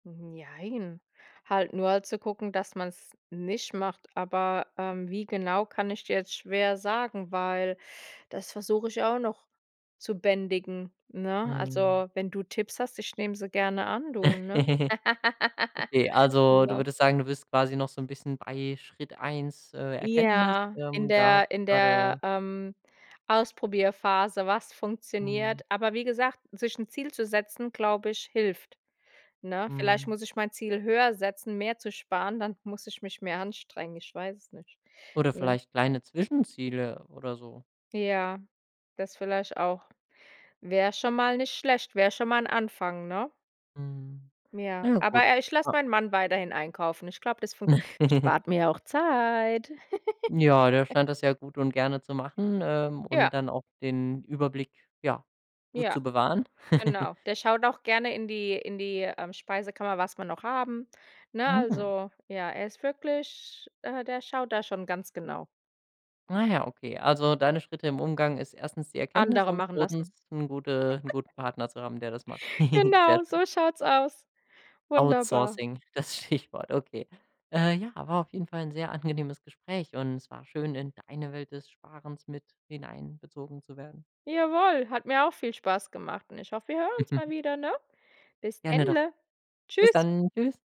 Mhm. Jein, halt nur zu gucken, dass man's nicht macht. Aber, ähm, wie genau, kann ich dir jetzt schwer sagen, weil das versuche ich auch noch zu bändigen, ne? Mhm. Also, wenn du Tipps hast, ich nehme sie gerne an, du, ne? Okay. Also du Ne? würdest sagen, du bist quasi noch so 'n bisschen bei Schritt 1 äh, Erkenntnis. Ja. In Ähm, da hast der du in der, gerade ähm, Ausprobierphase, was Mhm. funktioniert. Aber wie gesagt, sich 'n Ziel zu setzen, glaube ich, hilft, ne? Vielleicht Mhm. muss ich mein Ziel höher setzen, mehr zu sparen, dann muss ich mich mehr anstrengen. Ich weiß es nicht, Oder ne? vielleicht kleine Zwischenziele oder so? Ja, das vielleicht auch. Wär schon mal nicht schlecht, wär schon mal 'n Anfang, ne? Mhm. Ja, Ja, gut. aber, äh, ich lass Klar. meinen Mann weiterhin einkaufen. Ich glaube, das funk spart mir ja auch Zeit. Ja, der scheint das ja gut und gerne zu machen, ähm, und Ja. dann auch den Überblick, ja, gut Ja, zu bewahren. genau. Der schaut auch gerne in die in die, ähm, Speisekammer, was wir noch haben. Ne? Mhm. Also, ja, er ist wirklich äh, der schaut da schon ganz genau. Ah ja, okay, also deine Schritte im Umgang ist 1. die Erkenntnis Andere und machen 2. lassen. 'n gute 'n guten Partner zu haben, der das macht. Sehr Genau, schön. so schaut's aus. Wunderbar. Outsourcing, das Stichwort, okay. Äh, ja, war auf jeden Fall 'n sehr angenehmes Gespräch, und es war schön, in deine Welt des Sparens mit hineinbezogen zu werden. Jawoll, hat mir auch viel Spaß gemacht, und ich hoffe, wir hören uns mal wieder, ne? Bis Gerne doch. dennle. Bis Tschüss. dann. Tschüss.